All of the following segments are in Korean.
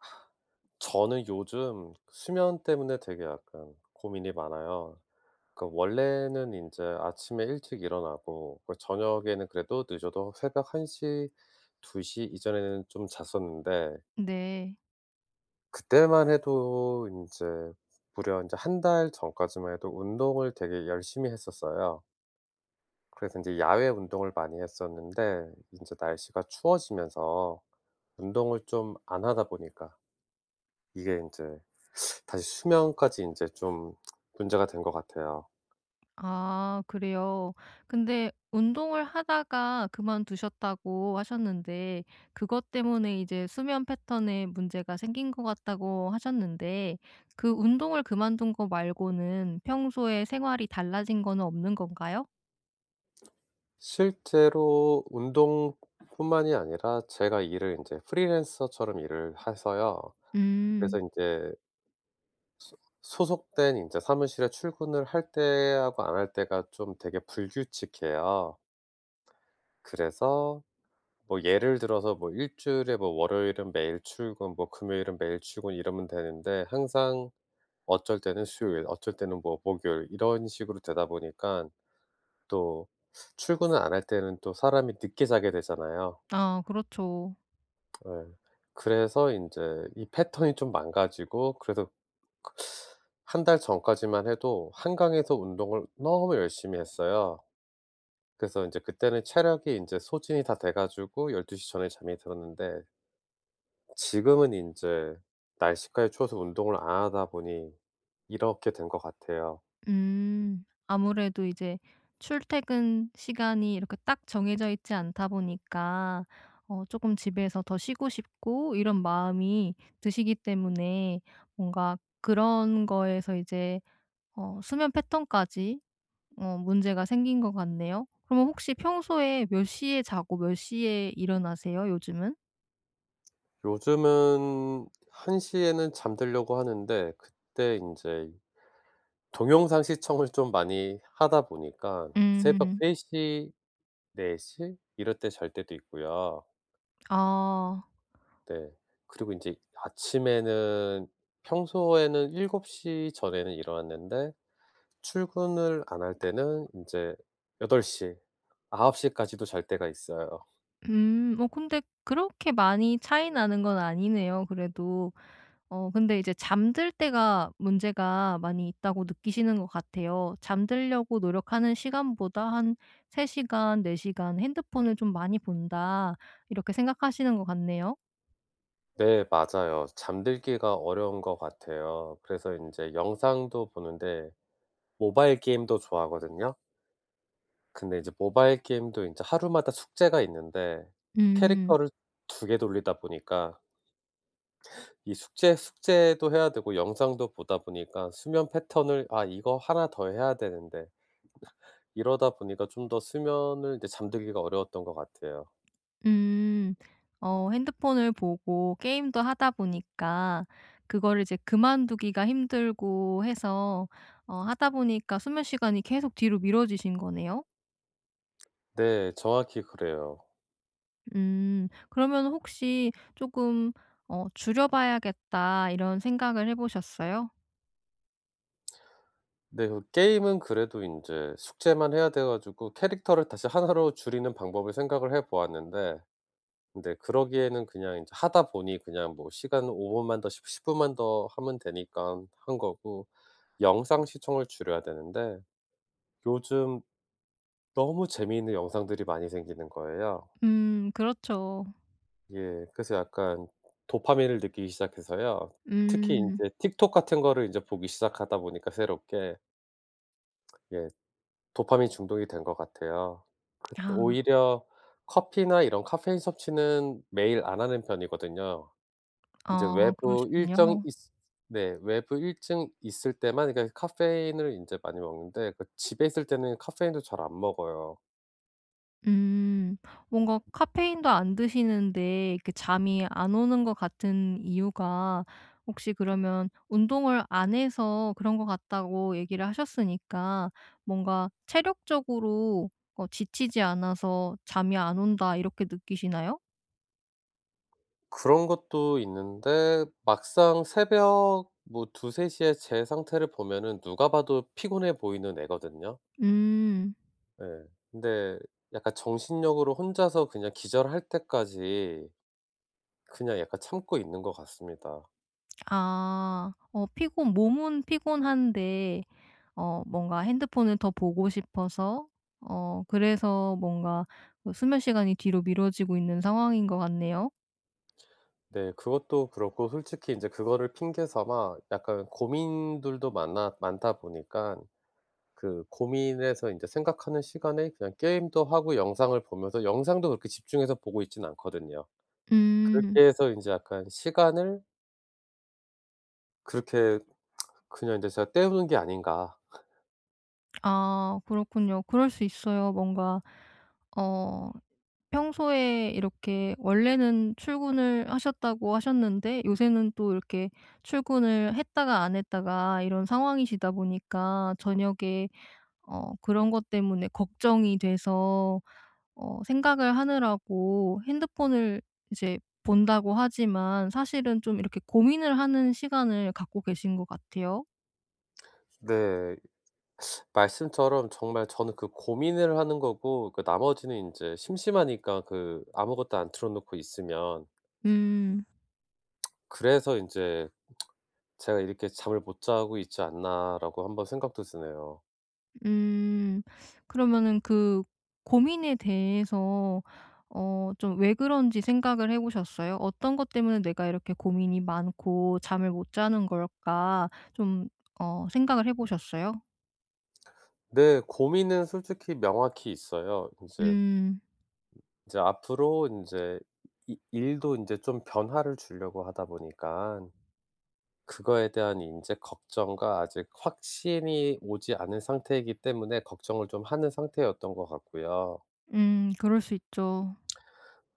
저는 요즘 수면 때문에 되게 약간 고민이 많아요. 그러니까 원래는 인제 아침에 일찍 일어나고 그리고 저녁에는 그래도 늦어도 새벽 1:00, 2:00 이전에는 좀 잤었는데 네. 그때만 해도 인제 무려 인제 1 달 전까지만 해도 운동을 되게 열심히 했었어요. 그래서 인제 야외 운동을 많이 했었는데 인제 날씨가 추워지면서 운동을 좀 안 하다 보니까 이게 인제 다시 수면까지 인제 좀 문제가 된 것 같아요. 아 그래요. 근데 운동을 하다가 그만두셨다고 하셨는데 그것 때문에 이제 수면 패턴에 문제가 생긴 것 같다고 하셨는데 그 운동을 그만둔 거 말고는 평소에 생활이 달라진 거는 없는 건가요? 실제로 운동뿐만이 아니라 제가 일을 인제 프리랜서처럼 일을 해서요. 그래서 음. 인제 소 소속된 인제 사무실에 출근을 할 때하고 안 할 때가 좀 되게 불규칙해요. 그래서 뭐 예를 들어서 뭐 일주일에 뭐 월요일은 매일 출근 뭐 금요일은 매일 출근 이러면 되는데 항상 어쩔 때는 수요일 어쩔 때는 뭐 목요일 이런 식으로 되다 보니깐 또 출근을 안 할 때는 또 사람이 늦게 자게 되잖아요. 아 그렇죠. 예. 그래서 인제 이 패턴이 좀 망가지고 그래도 그 1 달 전까지만 해도 한강에서 운동을 너무 열심히 했어요. 그래서 인제 그때는 체력이 인제 소진이 다 돼 가지고 12:00 전에 잠이 들었는데. 지금은 인제 날씨까지 추워서 운동을 안 하다 보니 이렇게 된 것 같아요. 음, 아무래도 이제 출퇴근 시간이 이렇게 딱 정해져 있지 않다 보니까 어 쪼끔 집에서 더 쉬고 싶고 이런 마음이 드시기 때문에 뭔가 그런 거에서 이제 어 수면 패턴까지 어 문제가 생긴 것 같네요. 그럼 혹시 평소에 몇 시에 자고 몇 시에 일어나세요, 요즘은? 요즘은 1:00 에는 잠 들려고 하는데 그때 인제 동영상 시청을 좀 많이 하다 보니까 새벽 음. 3:00, 4:00 이럴 때 잘 때도 있고요. 아. 네. 그리고 인제 아침에는 평소에는 7:00 전에는 일어났는데 출근을 안 할 때는 인제 8:00, 9:00 까지도 잘 때가 있어요. 음, 어 근데 그렇게 많이 차이 나는 건 아니네요 그래도. 어 근데 이제 잠들 때가 문제가 많이 있다고 느끼시는 것 같아요. 잠들려고 노력하는 시간보다 '한 3 시간, 4 시간 핸드폰을 좀 많이 본다.' 이렇게 생각하시는 것 같네요. 네, 맞아요. 잠들기가 어려운 것 같아요. 그래서 인제 영상도 보는데 모바일 게임도 좋아하거든요. 근데 이제 모바일 게임도 인제 하루마다 숙제가 있는데 음. 캐릭터를 2 개 돌리다 보니까 이 숙제 숙제도 해야 되고 영상도 보다 보니까 수면 패턴을 아 이거 1 더 해야 되는데 이러다 보니까 좀 더 수면을 이제 잠들기가 어려웠던 것 같아요. 음, 어 핸드폰을 보고 게임도 하다 보니까 그거를 이제 그만 두기가 힘들고 해서 어 하다 보니까 수면 시간이 계속 뒤로 미뤄지신 거네요? 네, 정확히 그래요. 음, 그러면은 혹시 쪼끔 어 '줄여봐야겠다.' 이런 생각을 해 보셨어요? 네 그 게임은 그래도 인제 숙제만 해야 돼 가지고 캐릭터를 다시 1 로 줄이는 방법을 생각을 해 보았는데 근데 그러기에는 그냥 이제 하다 보니 그냥 뭐 시간은 5 분만 더 십 십분만 더 하면 되니깐 한 거고 영상 시청을 줄여야 되는데 요즘 너무 재미있는 영상들이 많이 생기는 거예요. 음 그렇죠. 예 그래서 약간 도파민을 느끼기 시작해서요. 특히 음. 인제 틱톡 같은 거를 인제 보기 시작하다 보니까 새롭게. 예. 도파민 중독이 된 것 같아요. 그 아. 오히려 커피나 이런 caffeine 섭취는 매일 안 하는 편이거든요. 인제 아 외부 일정 그러시군요. 있으 네 외부 일정 있을 때만 그러니까 caffeine을 인제 많이 먹는데 그 집에 있을 때는 caffeine도 잘 안 먹어요. 음, 뭔가 카페인도 안 드시는데 이렇게 잠이 안 오는 거 같은 이유가 혹시 그러면 운동을 안 해서 그런 거 같다고 얘기를 하셨으니까 뭔가 '체력적으로 어 지치지 않아서 잠이 안 온다.' 이렇게 느끼시나요? 그런 것도 있는데 막상 새벽 뭐 2:00-3:00 에 제 상태를 보면은 누가 봐도 피곤해 보이는 애거든요. 음. 네 근데 약간 정신력으로 혼자서 그냥 기절할 때까지 그냥 약간 참고 있는 것 같습니다. 아, 어 피곤 몸은 피곤한데 어 뭔가 핸드폰을 더 보고 싶어서 어 그래서 뭔가 그 수면 시간이 뒤로 미뤄지고 있는 상황인 것 같네요. 네. 그것도 그렇고 솔직히 인제 그거를 핑계 삼아 약간 고민들도 많아 많다 보니깐 그 고민에서 인제 생각하는 시간에 그냥 게임도 하고 영상을 보면서 영상도 그렇게 집중해서 보고 있진 않거든요. 음. 그렇게 해서 인제 약간 시간을 그렇게 그냥 이제 제가 때우는 게 아닌가. 아 그렇군요. 그럴 수 있어요. 뭔가 어 평소에 이렇게 원래는 출근을 하셨다고 하셨는데 요새는 또 이렇게 출근을 했다가 안 했다가 이런 상황이시다 보니까 저녁에 어 그런 것 때문에 걱정이 돼서 어 생각을 하느라고 핸드폰을 이제 본다고 하지만 사실은 좀 이렇게 고민을 하는 시간을 갖고 계신 것 같아요. 네, 말씀처럼 정말 저는 그 고민을 하는 거고 그 나머지는 인제 심심하니까 그 아무것도 안 틀어 놓고 있으면. 음. 그래서 인제 제가 '이렇게 잠을 못 자고 있지 않나?'라고 한번 생각도 드네요. 음. 그러면은 그 고민에 대해서 어 좀 왜 그런지 생각을 해 보셨어요? '어떤 것 때문에 내가 이렇게 고민이 많고 잠을 못 자는 걸까?' 좀 어 생각을 해 보셨어요? 네. 고민은 솔직히 명확히 있어요. 인제 음. 이제 앞으로 인제 이 일도 인제 좀 변화를 주려고 하다 보니깐 그거에 대한 인제 걱정과 아직 확신이 오지 않은 상태이기 때문에 걱정을 좀 하는 상태였던 것 같고요. 음 그럴 수 있죠.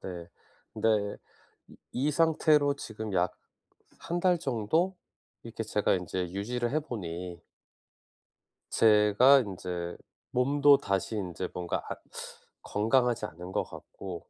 네. 근데 이 이 상태로 지금 약 1 달 정도 이렇게 제가 인제 유지를 해보니 제가 인제 몸도 다시 인제 뭔가 앗 건강하지 않은 것 같고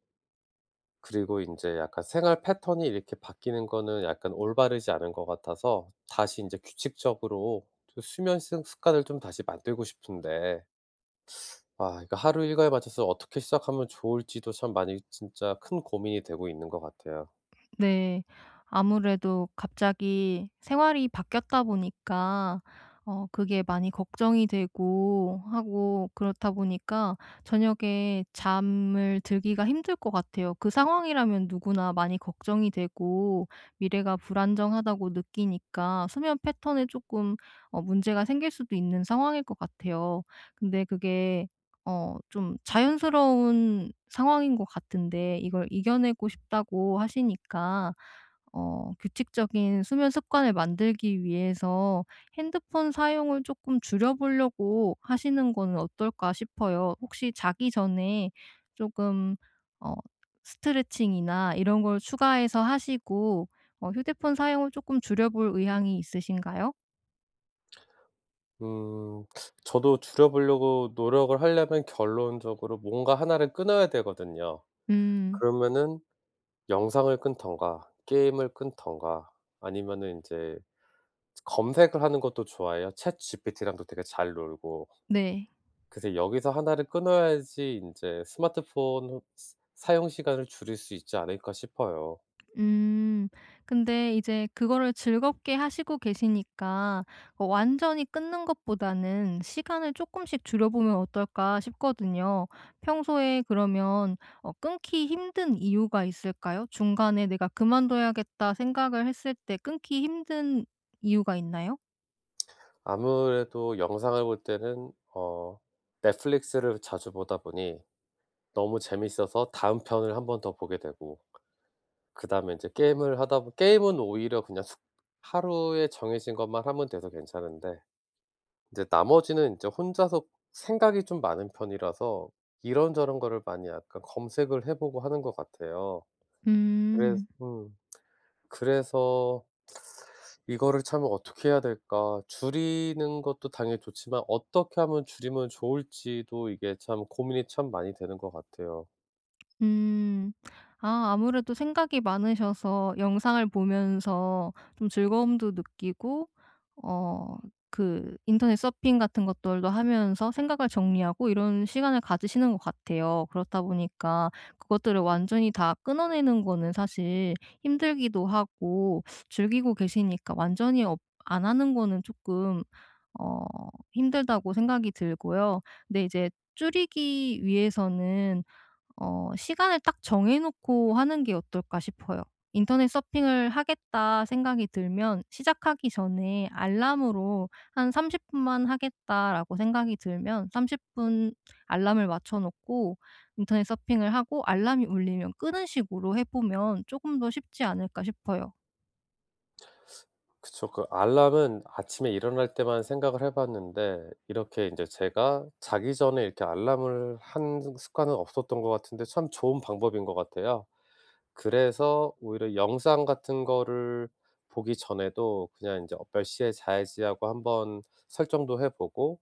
그리고 인제 약간 생활 패턴이 이렇게 바뀌는 거는 약간 올바르지 않은 것 같아서 다시 인제 규칙적으로 좀 수면 스 습관을 좀 다시 만들고 싶은데 아 이거 하루 일과에 맞춰서 어떻게 시작하면 좋을지도 참 많이 진짜 큰 고민이 되고 있는 것 같아요. 네. 아무래도 갑자기 생활이 바뀌었다 보니까 어 그게 많이 걱정이 되고 하고 그렇다 보니까 저녁에 잠을 들기가 힘들 것 같아요. 그 상황이라면 누구나 많이 걱정이 되고 미래가 불안정하다고 느끼니까 수면 패턴에 쪼끔 어 문제가 생길 수도 있는 상황일 것 같아요. 근데 그게 어 좀 자연스러운 상황인 것 같은데 이걸 "이겨내고 싶다."고 하시니까 어 규칙적인 수면 습관을 만들기 위해서 핸드폰 사용을 쪼끔 줄여 보려고 하시는 거는 어떨까 싶어요. 혹시 자기 전에 쪼금 어 스트레칭이나 이런 걸 추가해서 하시고 어 휴대폰 사용을 쪼끔 줄여 볼 의향이 있으신가요? 음 저도 줄여보려고 노력을 하려면 결론적으로 뭔가 1 를 끊어야 되거든요. 음. 그러면은 영상을 끊든가 게임을 끊든가 아니면은 인제 즈 검색을 하는 것도 좋아해요. Chat GPT랑도 되게 잘 놀고. 네. 그래서 여기서 1 를 끊어야지 인제 스마트폰 스 사용 시간을 줄일 수 있지 않을까 싶어요. 음. 근데 이제 그거를 즐겁게 하시고 계시니까 어 완전히 끊는 것보다는 시간을 쪼끔씩 줄여보면 어떨까 싶거든요. 평소에 그러면 어 끊기 힘든 이유가 있을까요? 중간에 '내가 그만둬야겠다.' 생각을 했을 때 끊기 힘든 이유가 있나요? 아무래도 영상을 볼 때는 어 넷플릭스를 자주 보다 보니 너무 재밌어서 다음 편을 1 번 더 보게 되고 그다음에 인제 게임을 하다 보 게임은 오히려 그냥 숙 하루에 정해진 것만 하면 돼서 괜찮은데 인제 나머지는 인제 혼자서 생각이 좀 많은 편이라서 이런저런 거를 많이 약간 검색을 해보고 하는 것 같아요. 그래서 음. 음 그래서 이거를 참 어떻게 해야 될까 줄이는 것도 당연히 좋지만 어떻게 하면 줄이면 좋을지도 이게 참 고민이 참 많이 되는 것 같아요. 음. 아 아무래도 생각이 많으셔서 영상을 보면서 좀 즐거움도 느끼고 어 그 인터넷 서핑 같은 것들도 하면서 생각을 정리하고 이런 시간을 가지시는 것 같아요. 그렇다 보니까 그것들을 완전히 다 끊어내는 거는 사실 힘들기도 하고 즐기고 계시니까 완전히 어 안 하는 거는 쪼끔 어 힘들다고 생각이 들고요. 근데 이제 줄이기 위해서는 어 시간을 딱 정해 놓고 하는 게 어떨까 싶어요. '인터넷 서핑을 하겠다.' 생각이 들면 시작하기 전에 알람으로 한 '30 분만 하겠다.'라고 생각이 들면 30 분 알람을 맞춰 놓고 인터넷 서핑을 하고 알람이 울리면 끄는 식으로 해 보면 쪼금 더 쉽지 않을까 싶어요. 그쵸. 그 알람은 아침에 일어날 때만 생각을 해 봤는데 이렇게 인제 제가 자기 전에 이렇게 알람을 하는 습관은 없었던 것 같은데 참 좋은 방법인 것 같아요. 그래서 오히려 영상 같은 거를 보기 전에도 그냥 인제 어 몇 시에 자야지 하고 한번 설정도 해 보고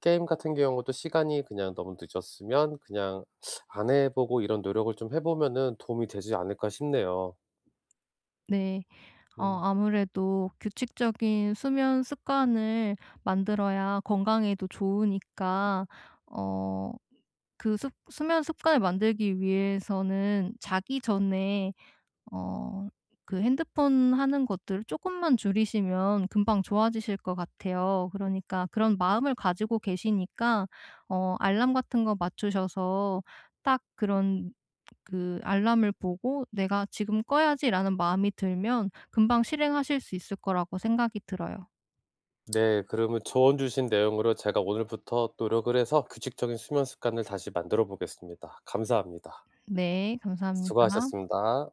게임 같은 경우도 시간이 그냥 너무 늦었으면 그냥 안 해 보고 이런 노력을 좀 해 보면은 도움이 되지 않을까 싶네요. 네. 어 음. 아무래도 규칙적인 수면 습관을 만들어야 건강에도 좋으니까 어 그 습 수면 습관을 만들기 위해서는 자기 전에 어 그 핸드폰 하는 것들을 쪼끔만 줄이시면 금방 좋아지실 거 같아요. 그러니까 그런 마음을 가지고 계시니까 어 알람 같은 거 맞추셔서 딱 그런 그 알람을 보고 '내가 지금 꺼야지.'라는 마음이 들면 금방 실행하실 수 있을 거라고 생각이 들어요. 네. 그러면 조언 주신 내용으로 제가 오늘부터 노력을 해서 규칙적인 수면 습관을 다시 만들어 보겠습니다. 감사합니다. 네. 감사합니다. 수고하셨습니다.